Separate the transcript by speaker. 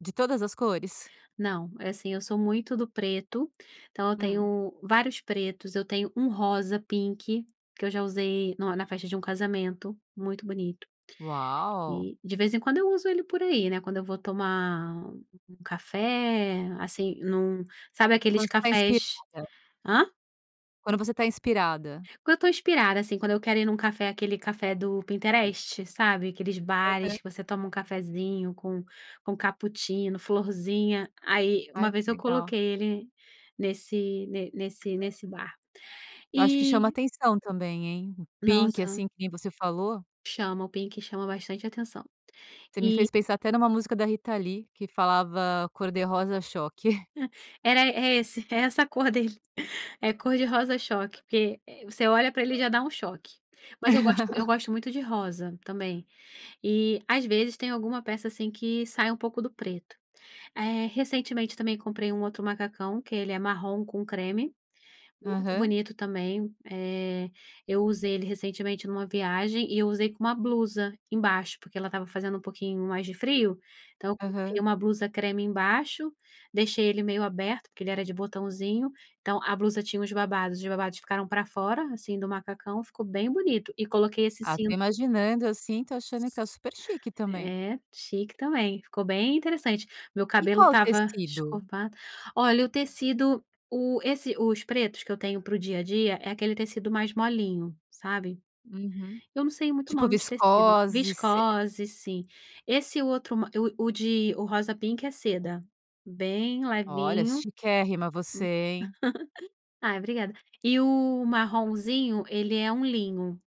Speaker 1: De todas as cores?
Speaker 2: Não, é assim eu sou muito do preto, então eu
Speaker 1: Uhum.
Speaker 2: tenho vários pretos, eu tenho um rosa pink que eu já usei no na festa de um casamento, muito bonito.
Speaker 1: Uau.
Speaker 2: E de vez em quando eu uso ele por aí, né, quando eu vou tomar um café, assim, num sabe
Speaker 1: Quando
Speaker 2: aqueles
Speaker 1: está
Speaker 2: cafés?
Speaker 1: inspirada.
Speaker 2: Hã?
Speaker 1: Quando você está inspirada.
Speaker 2: Quando eu estou inspirada, assim, quando eu quero ir em um café, aquele café do Pinterest, sabe? Aqueles bares
Speaker 1: Aham.
Speaker 2: que você toma um cafezinho com com cappuccino, florzinha, aí uma
Speaker 1: Ai que
Speaker 2: vez eu
Speaker 1: legal.
Speaker 2: coloquei ele nesse ne nesse nesse bar.
Speaker 1: Eu acho que chama
Speaker 2: E
Speaker 1: atenção também hein? O pink,
Speaker 2: nossa
Speaker 1: assim, que nem você falou.
Speaker 2: Chama o pink chama bastante atenção.
Speaker 1: Você me
Speaker 2: E
Speaker 1: fez pensar até em uma música da Rita Lee que falava cor de rosa choque.
Speaker 2: Era é esse, é essa cor dele, é cor de rosa choque, que você olha para ele já dá um choque, mas eu gosto eu gosto muito de rosa também, e às vezes tem alguma peça, assim, que sai um pouco do preto. Eh, recentemente também comprei um outro macacão que ele é marrom com creme, muito
Speaker 1: Aham.
Speaker 2: bonito também, eh, eu usei ele recentemente em uma viagem e usei com uma blusa embaixo, porque porque ela estava fazendo um pouquinho mais de frio, então eu coloquei
Speaker 1: Aham.
Speaker 2: uma blusa creme embaixo, deixei ele meio aberto, porque ele era de botãozinho, então a blusa tinha uns babados, os babados ficaram para fora assim do macacão, ficou bem bonito, e coloquei esse
Speaker 1: Até
Speaker 2: cinto.
Speaker 1: imaginando, assim, estou achando que é super chique também.
Speaker 2: É, chique também, ficou bem interessante, meu
Speaker 1: E
Speaker 2: cabelo
Speaker 1: qual o
Speaker 2: estava
Speaker 1: tecido?
Speaker 2: escovado. Olha o tecido, o esse os pretos que eu tenho para o dia a dia, é aquele tecido mais molinho, sabe?
Speaker 1: Uhum,
Speaker 2: Eu não sei muito o
Speaker 1: tipo
Speaker 2: nome de tecido,
Speaker 1: viscose, se
Speaker 2: viscose sim, esse outro ma o o de o rosa pink é seda, bem
Speaker 1: Olha,
Speaker 2: levinho.
Speaker 1: chiquérrima você, hein?
Speaker 2: Ai obrigada. E o marronzinho ele é um linho.